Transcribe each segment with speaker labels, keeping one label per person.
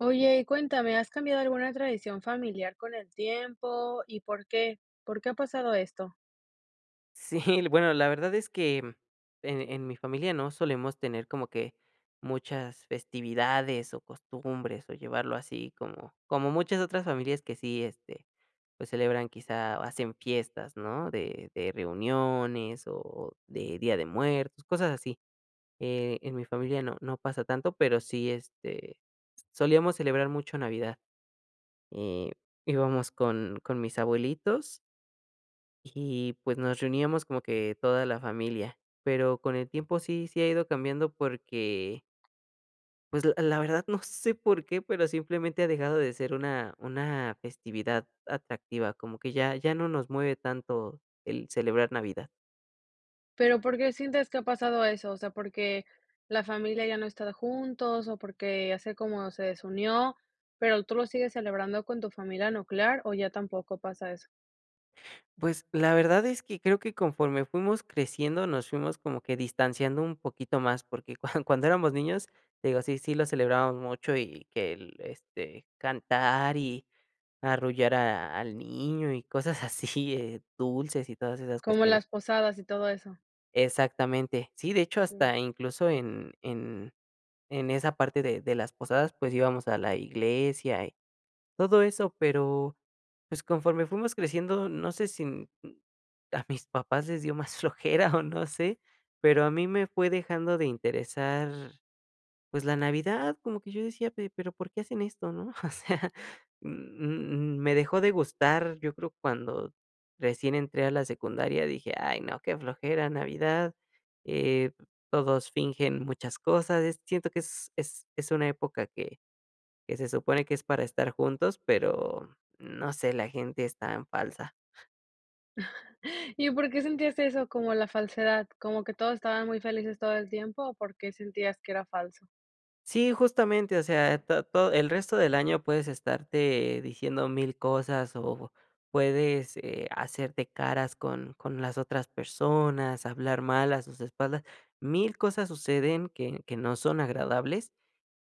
Speaker 1: Oye, y cuéntame, ¿has cambiado alguna tradición familiar con el tiempo y por qué? ¿Por qué ha pasado esto?
Speaker 2: Sí, l bueno la verdad es que en en mi familia no solemos tener como que muchas festividades o costumbres o llevarlo así como como muchas otras familias que sí, este, pues celebran quizá o hacen fiestas ¿no?, de de reuniones o de día de muertos cosas así, eh, en mi familia no no pasa tanto pero sí, est, solíamos celebrar mucho Navidad, eh, íbamos con con mis abuelitos. Y, pues, nos reuníamos como que toda la familia, pero con el tiempo sí, sí ha ido cambiando porque pues, la la verdad no sé por qué, pero simplemente ha dejado de ser una una festividad atractiva, como que ya ya no nos mueve tanto el celebrar Navidad.
Speaker 1: Pero, ¿por qué sientes que ha pasado eso? O sea, ¿porque la familia ya no está juntos o porque hace como se desunió, pero, tú lo sigues celebrando con tu familia nuclear o ya tampoco pasa eso?
Speaker 2: Pues la verdad es que creo que conforme fuimos creciendo nos fuimos como que distanciando un poquito más porque cuan cuando éramos niños, te digo sí sí lo celebrábamos mucho y que el este cantar y arrullar a al niño y cosas así, dulces y todas esas
Speaker 1: Como
Speaker 2: cuestiones.
Speaker 1: las posadas y todo eso.
Speaker 2: Exactamente. Sí, de hecho
Speaker 1: Sí.
Speaker 2: hasta incluso en en en esa parte de de las posadas pues íbamos a la iglesia y todo eso pero pues conforme fuimos creciendo no sé si m m a mis papás les dio más flojera o no sé pero a mí me fue dejando de interesar pues la Navidad como que yo decía: "Pe pero ¿por qué hacen esto?". ¿No? O sea, m m me dejó de gustar, yo creo, cuando recién entré a la secundaria dije: "Ay no, qué flojera Navidad, eh, todos fingen muchas cosas", es siento que es es es una época que que se supone que es para estar juntos, pero no sé, la gente es tan falsa.
Speaker 1: ¿Y por qué sentías eso como la falsedad? ¿Como que todos estaba muy felices todo el tiempo o por qué sentías que era falso?
Speaker 2: Sí, justamente, o sea, eh, ta to el resto del año puedes estarte diciendo 1000 cosas o puedes, eh, hacerte caras con con las otras personas, hablar mal a sus espaldas, 1000 cosas suceden que que no son agradables,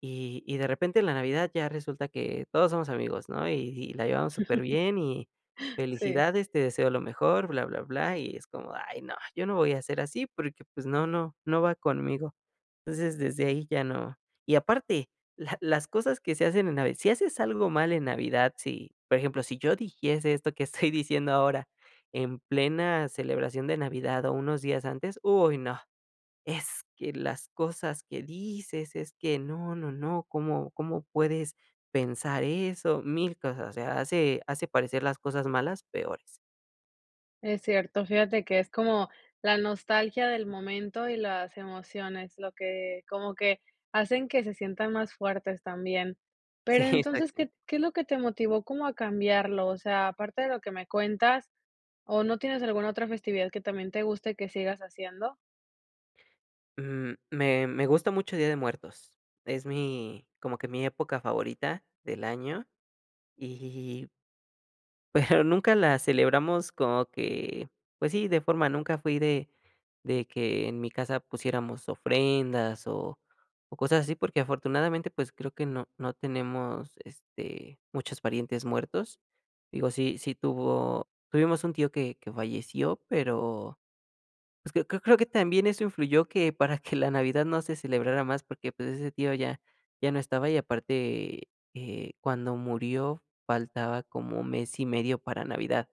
Speaker 2: y y de repente, en la Navidad, ya resulta que todos somos amigos, ¿no?, y y la llevamos superbién y
Speaker 1: Sí.
Speaker 2: felicidades, te deseo lo mejor, bla, bla, bla, y es como: "Ay no, yo no voy a ser así, porque, pues, no no no va conmigo". Entonces, desde ahí ya no. Y aparte, la las cosas que se hacen en Navi si haces algo mal en Navidad, si, por ejemplo, si yo dijiese esto que estoy diciendo ahora, en plena celebración de Navidad o unos días antes, uy, no, "Es que las cosas que dices es que no, no, no, ¿cómo cómo puedes pensar eso?", 1000 cosas, o sea, hace hace parecer las cosas malas, peores.
Speaker 1: Es cierto, fíjate que es como, la nostalgia del momento y las emociones, lo que, como que, hacen que se sientan más fuertes también.
Speaker 2: Sí,
Speaker 1: Pero entonces,
Speaker 2: exactamente.
Speaker 1: ¿qué qué es lo que te motivó como a cambiarlo?, o sea, aparte de lo que me cuentas, o no tienes alguna otra festividad que también te guste que sigas haciendo.
Speaker 2: M me me gusta mucho Día de Muertos. Es mi como que mi época favorita del año y pero nunca la celebramos como que pues sí de forma, nunca fui de de que en mi casa pusiéramos ofrendas o o cosas así porque afortunadamente pues creo que no no tenemos, este, muchos parientes muertos. Digo, sí sí tuvo tuvimos un tío que que falleció, pero, pues, creo creo creo que también eso influyó que para que la Navidad no se celebrara más porque, pues, ese tío ya ya no estaba y aparte, eh, cuando murió faltaba como mes y medio para Navidad.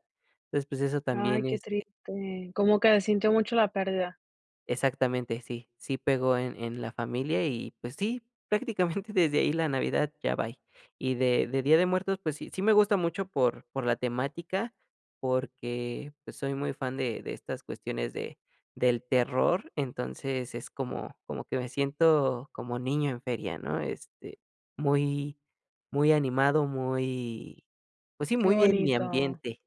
Speaker 2: Entonces, pues, eso
Speaker 1: Ay,
Speaker 2: también,
Speaker 1: qué
Speaker 2: este.
Speaker 1: triste. ¿Cómo que sintió mucho la pérdida?
Speaker 2: Exactamente, sí sí pegó en en la familia y, pues, sí, prácticamente desde ahí la Navidad ya bye. Y de de Día de Muertos, pues sí sí me gusta mucho por por la temática, porque pues soy muy fan de de estas cuestiones de del terror, entonces es como como que me siento como niño en feria, ¿no? Este, muy muy animado, muy, pues sí,
Speaker 1: Qué
Speaker 2: muy en mi
Speaker 1: bonito.
Speaker 2: ambiente.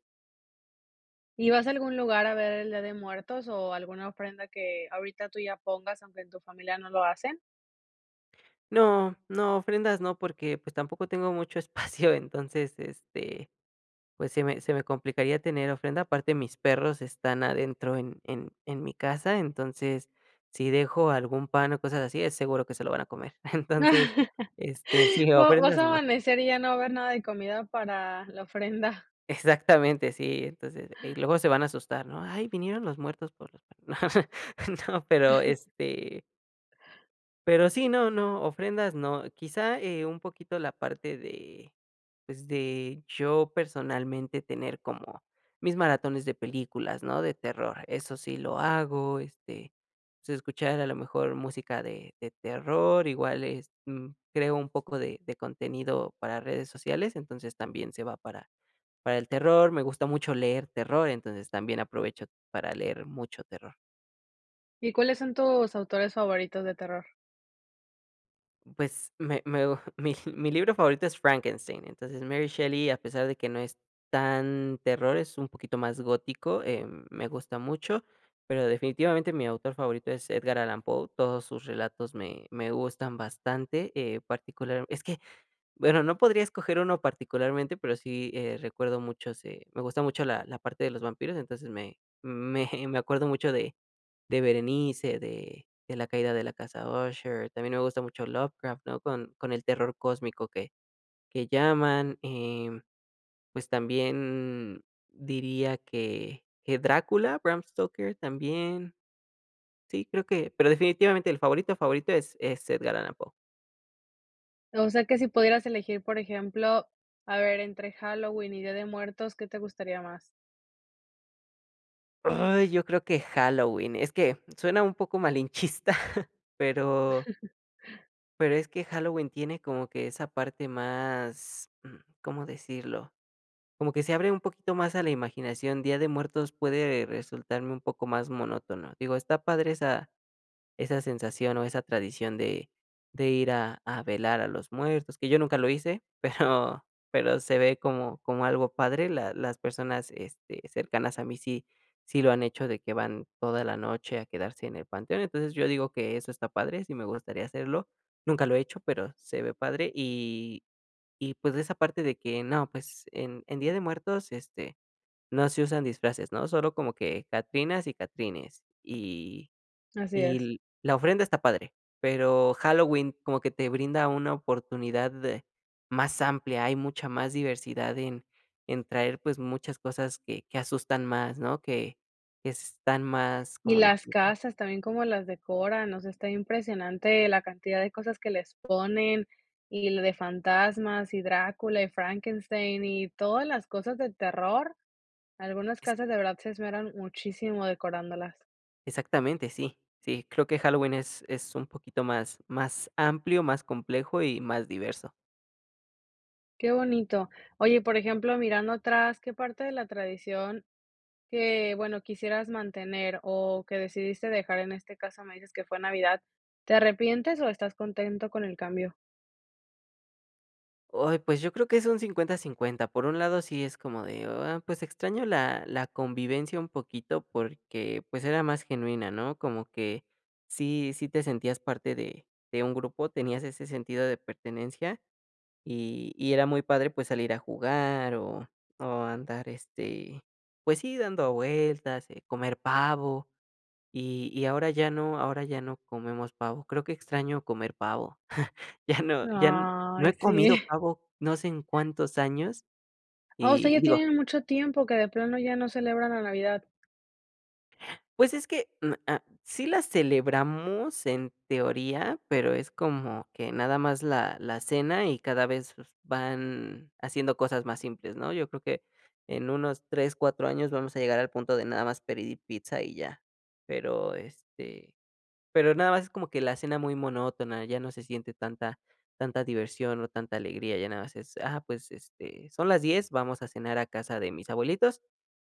Speaker 1: ¿Y vas a algún lugar a ver el día de muertos o alguna ofrenda que ahorita tú ya pongas aunque en tu familia no lo hacen?
Speaker 2: No, no, ofrendas no, porque, pues, tampoco tengo mucho espacio, entonces, este, pues, se me se me complicaría tener ofrenda. Aparte mis perros están adentro en en en mi casa, entonces, si dejo algún pan o cosas así, es seguro que se lo van a comer. Entonces, este, sí,
Speaker 1: Vo vas
Speaker 2: ofrendas
Speaker 1: a
Speaker 2: no.
Speaker 1: amanecer y ya no va a haber nada de comida para, la ofrenda.
Speaker 2: Exactamente, sí, entonces y luego se van a asustar, ¿no?, ay, vinieron los muertos por los panes, no, pero, este pero sí, no, no, ofrendas no, quizá, eh, un poquito la parte de, pues, de yo personalmente tener como mis maratones de películas, ¿no?, de terror, eso sí lo hago, este, sí, escuchar a lo mejor música de de terror, igual es, mm, creo un poco de de contenido para redes sociales, entonces, también se va para para el terror. Me gusta mucho leer terror, entonces, también aprovecho para leer mucho terror.
Speaker 1: ¿Y cuáles son tus autores favoritos de terror?
Speaker 2: Pues, me me mi libro favorito es Frankenstein, entonces, Mary Shelley, a pesar de que no es tan terror, es un poquito más gótico, em, me gusta mucho, pero definitivamente, mi autor favorito es Edgar Allan Poe. Todos sus relatos me me gustan bastante, eh, particular es que, bueno, no podría escoger uno, particularmente, pero sí, eh, recuerdo mucho sí me gusta mucho la la parte de los vampiros, entonces, me me me acuerdo mucho de de Berenice, de de La caída de la Casa Usher, también me gusta mucho Lovecraft, no con con el terror cósmico que que llaman, em, pues también, diría que que Drácula, Bram Stoker también. Sí, creo que pero definitivamente, el favorito, favorito es es Edgar Allan Poe.
Speaker 1: O sea, que si pudieras elegir, por ejemplo, a ver, entre Halloween y Día de Muertos, ¿qué te gustaría más?
Speaker 2: ¡Ay! Yo creo que Halloween. Es que suena un poco malinchista, pero pero, es que Halloween tiene como que esa parte más, mm, ¿cómo decirlo?, como que se abre un poquito más a la imaginación, Día de Muertos, puede resultarme un poco más monótono. Digo, está padre esa esa sensación o esa tradición de de ir a a velar a los muertos, que yo nunca lo hice, pero pero se ve como como algo padre, la las personas, este, cercanas a mí sí sí, lo han hecho de que van toda la noche a quedarse en el panteón. Entonces, yo digo que eso está padre, sí me gustaría hacerlo, nunca lo he hecho, pero se ve padre, y y pues, esa parte de que, no pues, en en Día de Muertos, este, no se usan disfraces, ¿no?, solo como que catrinas y catrines, y
Speaker 1: Así es.
Speaker 2: y la ofrenda está padre. Pero, Halloween como que te brinda una oportunidad de más amplia, hay mucha más diversidad en en traer, pues, muchas cosas que que asustan más, ¿no?, que que están más,
Speaker 1: Y
Speaker 2: ¿cómo
Speaker 1: las
Speaker 2: decirlo?
Speaker 1: casas también, cómo las decoran, o sea, está impresionante la cantidad de cosas que les ponen, y l de fantasmas, y Drácula, y Frankenstein, y todas las cosas de terror. Algunas casas, de verdad, se esmeran muchísimo decorándolas.
Speaker 2: Exactamente, sí, sí, creo que Halloween es es un poquito más más amplio, más complejo y más diverso.
Speaker 1: Qué bonito. Oye, por ejemplo, mirando atrás, qué parte de la tradición, que bueno, quisieras mantener o que decidiste dejar, en este caso me dices que fue Navidad, ¿te arrepientes o estás contento con el cambio?
Speaker 2: Ay, pues, yo creo que es un 50, 50. Por un lado, sí es como de, ah, pues, extraño la la convivencia un poquito porque, pues, era más genuina, ¿no?, como que sí, sí, te sentías parte de de un grupo, tenías ese sentido de pertenencia y y era muy padre, pues, salir a jugar o o andar, este, pues sí, dando vueltas, eh, comer pavo y y ahora ya no ahora ya no comemos pavo. Creo que extraño comer pavo. Ya no ya no
Speaker 1: Ay,
Speaker 2: he
Speaker 1: sí.
Speaker 2: comido pavo, no sé en cuántos años
Speaker 1: Oh, o sea, ya
Speaker 2: y digo
Speaker 1: tienen mucho tiempo que de plano ya no celebran la Navidad.
Speaker 2: Pues es que, mm, ah, sí la celebramos en teoría, pero es como que nada más la la cena y cada vez van haciendo cosas más simples ¿no?, yo creo que en unos 3, 4 años vamos a llegar al punto de nada más pedir y pizza y ya. Pero, este, pero nada más, es como que la cena muy monótona, ya no se siente tanta tanta diversión o tanta alegría, ya nada más es, ah, pues, este, son las 10, vamos a cenar a casa de mis abuelitos,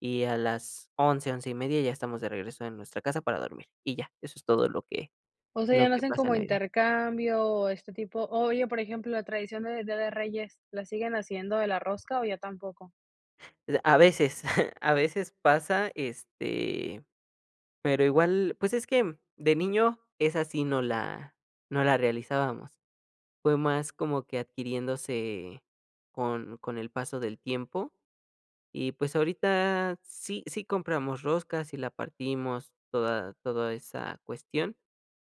Speaker 2: y a las 11, 11 y media ya estamos de regreso en nuestra casa para dormir, y ya. Eso es todo lo que
Speaker 1: O sea,
Speaker 2: lo
Speaker 1: ya no
Speaker 2: que
Speaker 1: hacen
Speaker 2: pasa en
Speaker 1: como
Speaker 2: Navidad.
Speaker 1: intercambio, este tipo, oye, por ejemplo, la tradición de Día de Reyes, ¿la siguen haciendo de la rosca, o ya tampoco?
Speaker 2: D a veces, a veces pasa, este, pero igual, pues es que, de niño esa sí no la no la realizábamos. Fue más como que adquiriéndose con con el paso del tiempo, y pues, ahorita sí, sí, compramos roscas, y la partimos toda toda esa cuestión,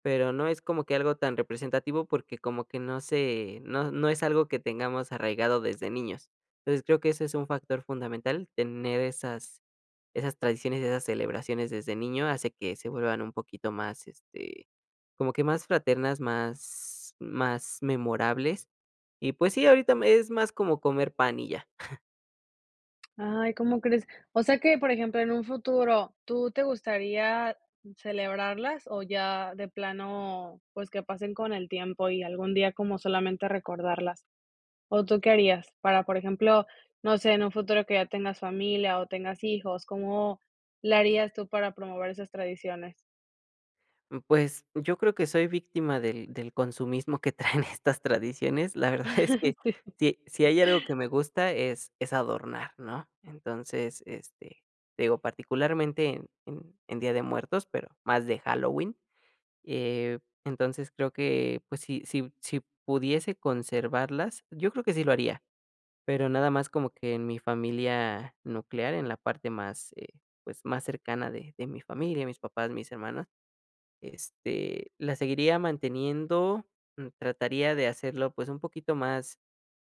Speaker 2: pero, no es como que algo tan representativo porque como que no se no no es algo que tengamos arraigado desde niños. Entonces, creo que ese es un factor fundamental, tener esas esas tradiciones y esas celebraciones desde niño, hace que se vuelvan un poquito más, este, como que más fraternas, más más memorables. Y, pues sí, ahorita me es más como, comer pan y ya.
Speaker 1: Ay, ¿cómo crees?, o sea, que, por ejemplo, en un futuro, ¿tú te gustaría celebrarlas o ya de plano, pues, que pasen con el tiempo y algún día como solamente, recordarlas?, o tú qué harías para, por ejemplo, no sé, en un futuro que ya tengas familia o tengas hijos, ¿cómo le harías tú para promover esas tradiciones?
Speaker 2: Mm, pues yo creo que soy víctima del del consumismo que traen estas tradiciones. La verdad es que, si si
Speaker 1: Sí.
Speaker 2: hay algo que me gusta es es adornar, ¿no? Entonces, este, te digo particularmente en en en Día de Muertos, pero más de Halloween, eh, entonces, creo que, pues, si si si pudiese conservarlas, yo creo que sí lo haría, pero nada más como que en mi familia nuclear, en la parte más, eh, pues más cercana de de mi familia, mis papás, mis hermanos, este, la seguiría manteniendo, mm, trataría de hacerlo, pues un poquito más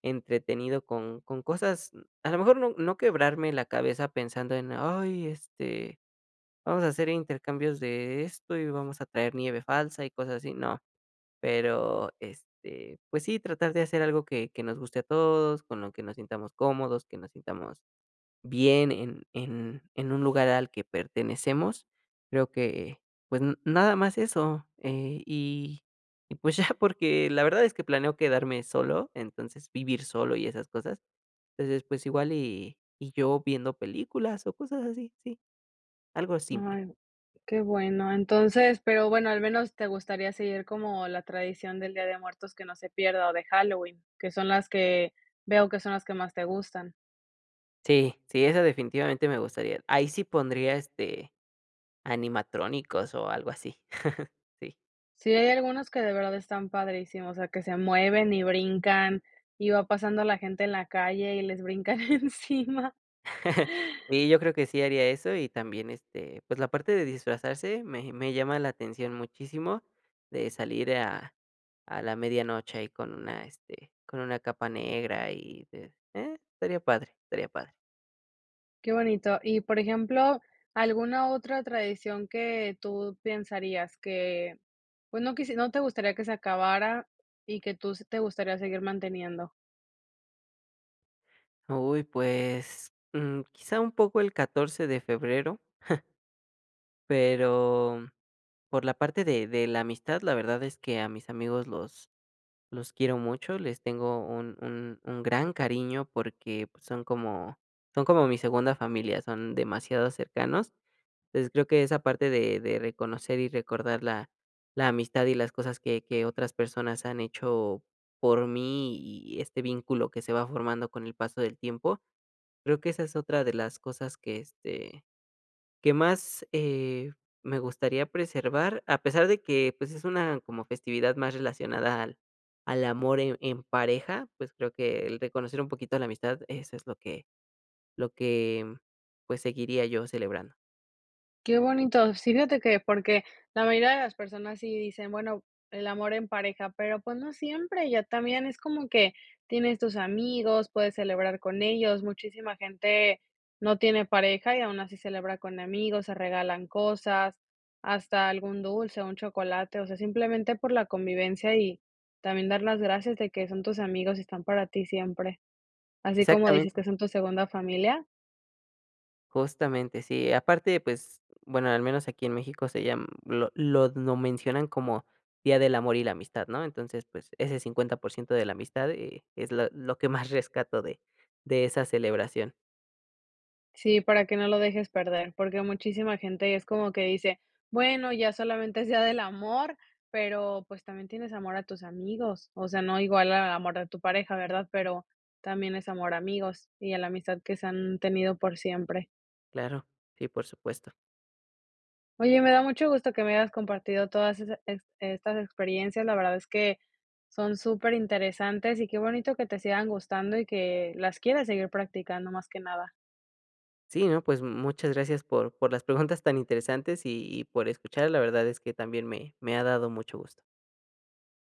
Speaker 2: entretenido con con cosas, mm, a lo mejor no no quebrarme la cabeza pensando en: "Ay, este, vamos a hacer intercambios de esto, y vamos a traer nieve falsa y cosas así", no. Pero, este, pues sí, tratar de hacer algo que que nos guste a todos, con lo que nos sintamos cómodos, que nos sintamos bien en en en un lugar al que pertenecemos. Creo que, pues, n nada más eso, eh, y y pues ya porque la verdad es que planeo quedarme solo, entonces vivir solo y esas cosas, entonces pues igual y y yo viendo películas o cosas así, sí. Algo simple.
Speaker 1: Ay, qué bueno. Entonces, pero bueno, al menos te gustaría seguir como la tradición del Día de Muertos que no se pierda o de Halloween, que son las que veo que son las que más te gustan.
Speaker 2: Sí, sí, eso definitivamente me gustaría, ahí sí pondría, este, animatrónicos o algo así. Sí.
Speaker 1: Sí, hay algunos que de verdad están padrísimos, o que se mueven y brincan y va pasando la gente en la calle y les brincan encima.
Speaker 2: Sí yo creo que sí haría eso y también, este, pues la parte de disfrazarse me me llama la atención muchísimo de salir a a la medianoche ahí con una, este, con una capa negra y de, eh, estaría padre, estaría padre.
Speaker 1: Qué bonito. Y por ejemplo, ¿alguna otra tradición que tú pensarías que, pues no quis no te gustaría que se acabara y que tú s te gustaría seguir manteniendo?
Speaker 2: Uy pues, mm, quizá un poco el 14 de febrero, pero por la parte de de la amistad la verdad es que a mis amigos los los quiero mucho, les tengo un un un gran cariño porque son como son como mi segunda familia, son demasiado cercanos. Entonces, yo creo que esa parte de de reconocer y recordar la la amistad y las cosas que que otras personas han hecho por mí y este vínculo que se va formando con el paso del tiempo. Creo que esa es otra de las cosas que, este, que más, eh, me gustaría preservar, a pesar de que pues es una como festividad más relacionada al al amor en en pareja pues creo que el reconocer un poquito la amistad eso es lo que lo que pues seguiría yo celebrando.
Speaker 1: Qué bonito, sí fíjate que porque la mayoría de las personas sí dicen: "Bueno el amor en pareja", pero pues no siempre, ya también es como que tienes tus amigos, puedes celebrar con ellos, muchísima gente no tiene pareja y aún así celebra con amigos, se regalan cosas, hasta algún dulce, un chocolate, o sea, simplemente por la convivencia y también dar las gracias de que son tus amigos y están para ti siempre, así como dices
Speaker 2: Exactamente.
Speaker 1: que son tu segunda familia.
Speaker 2: Justamente sí, aparte pues bueno al menos aquí en México se llam lo lo d mencionan como Día del Amor y la Amistad, ¿no? Entonces pues ese 50% de la amistad, eh, es la lo que más rescato de de esa celebración.
Speaker 1: Sí, para que no lo dejes perder porque muchísima gente es como que dice: "Bueno, ya solamente es día del amor", pero pues también tienes amor a tus amigos, o sea no igual al amor de tu pareja ¿verdad? Pero también es amor a amigos y a la amistad que se han tenido por siempre.
Speaker 2: Claro, sí, por supuesto.
Speaker 1: Oye, me da mucho gusto que me hayas compartido todas esas est estas experiencias. La verdad es que son superinteresantes y qué bonito que te sigan gustando y que las quieras seguir practicando más que nada.
Speaker 2: Sí, no, pues muchas gracias por por las preguntas tan interesantes y y por escuchar, la verdad es que también me me ha dado mucho gusto.